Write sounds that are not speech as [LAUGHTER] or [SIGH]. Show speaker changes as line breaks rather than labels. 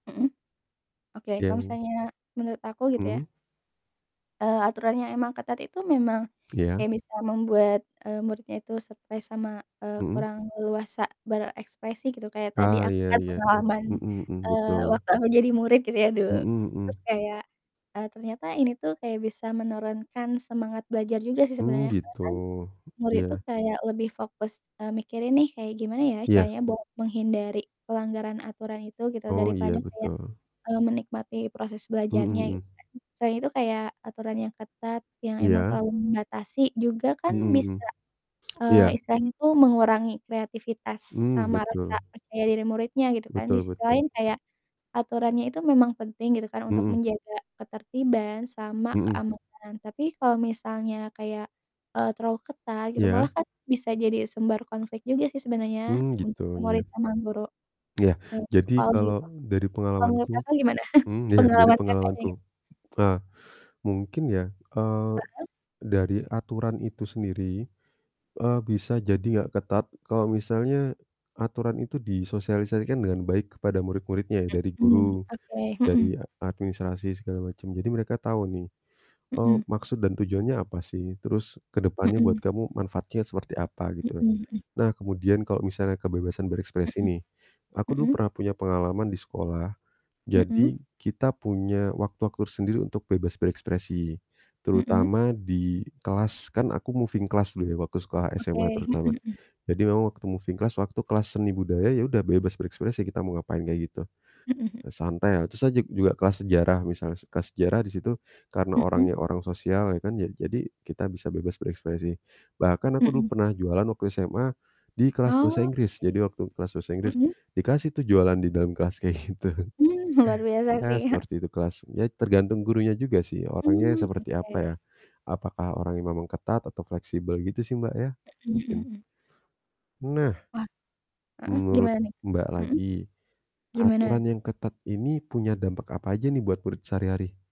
Hmm. Oke
Ya,
kalau
hmm.
misalnya menurut aku gitu,
Hmm.
ya. Eee, aturan yang emang ketat itu memang
Iya.
kayak bisa membuat, eee, muridnya itu stres sama, eee,
Hmm.
kurang leluasa berekspresi gitu. Kayak tadi
Oh,
aku
ya
kan
ya,
pengalaman,
hmm hmm,
eee,
betul.
waktu aku jadi murid gitu, ya, dulu.
Hmm
Terus
hmm.
kayak, eee, ternyata, ini tuh kayak bisa menurunkan semangat belajar juga sih
Mmm,
sebenarnya. Karena
gitu
kan murid tuh
ya.
kayak lebih fokus, eee, mikirin nih kayak gimana ya
Iya.
caranya buat menghindari pelanggaran aturan itu gitu.
Oh,
Daripada,
iya
kayak,
betul.
eee, menikmati proses
Hmm,
belajarnya
hmm.
gitu kan. Selain itu kayak aturan yang ketat yang emang
Iya.
terlalu membatasi juga kan
Hmm hmm.
bisa, eee,
Iya.
istilahnya itu mengurangi kreativitas
Mmm,
sama rasa
betul.
percaya diri muridnya gitu kan. Di
Betul
sisi
betul.
lain kayak aturannya itu memang penting gitu kan untuk
Hmm.
menjaga ketertiban sama
Hmm.
keamanan. Tapi kalau misalnya kayak, eee, terlalu ketat gitu malah
Iya.
kan bisa jadi sumber konflik juga sih sebenarnya
Hmm, gitu,
untuk
iya.
murid sama guru
Iya,
yang di
jadi
sekolah
kalau
itu.
dari
Kalau menurut
pengalamanku
Kakak gimana? [CHUCKLES]
hmm, ya, dari
Pengalaman Kakak
pengalamanku.
inget?
Tah, mungkin ya, eee,
Hmm.
dari aturan itu sendiri, eee, bisa jadi nggak ketat kalau misalnya aturan itu disosialisasikan dengan baik kepada murid-muridnya ya dari
Hmm,
guru,
oke, hmm.
dari ad administrasi segala macem. Jadi mereka tahu nih, eee,
Hmm.
maksud dan tujuannya apa sih, terus kedepannya
Hmm.
buat kamu manfaatnya seperti apa, gitu.
Hmm, hmm.
Nah kemudian kalau misalnya kebebasan berekspresi
Hmm.
nih. Aku dulu
Hmm.
pernah punya pengalaman di sekolah,
Hmm.
jadi kita punya waktu-waktu sendiri untuk bebas berekspresi
Hmm.
terutama di kelas, kan aku moving class dulu ya waktu sekolah SMA
Oke, hmm
terutama.
hmm.
Jadi memang waktu moving class waktu kelas seni budaya ya udah bebas berekspresi kita mau ngapain kayak gitu.
Hmm, h
Santai terus ah jug juga kelas sejarah misalnya se kelas sejarah di situ karena
Hmm.
orangnya orang sosial ya kan ja jadi kita bisa bebas berekspresi. Bahkan aku dulu
Hmm.
pernah jualan waktu SMA di kelas bahasa
Oh
Inggris.
oke.
Jadi waktu kelas bahasa Inggris
Hmm.
dikasih, tuh, jualan di dalam kelas kayak gitu.
Mmm, luar biasa,
Ya
sih.
seperti itu kelas. Ya tergantung gurunya juga sih orangnya
Mmm,
seperti apa
oke.
ya. Apakah orangnya memang ketat atau fleksibel gitu sih, Mbak ya?
Hmm hmm
Mungkin.
hmm.
Nah,
Wah heeh,
menurut
gimana nih?
Mbak
Hmm.
lagi,
Gimana?
aturan yang ketat ini punya dampak apa aja nih buat murid sehari-hari?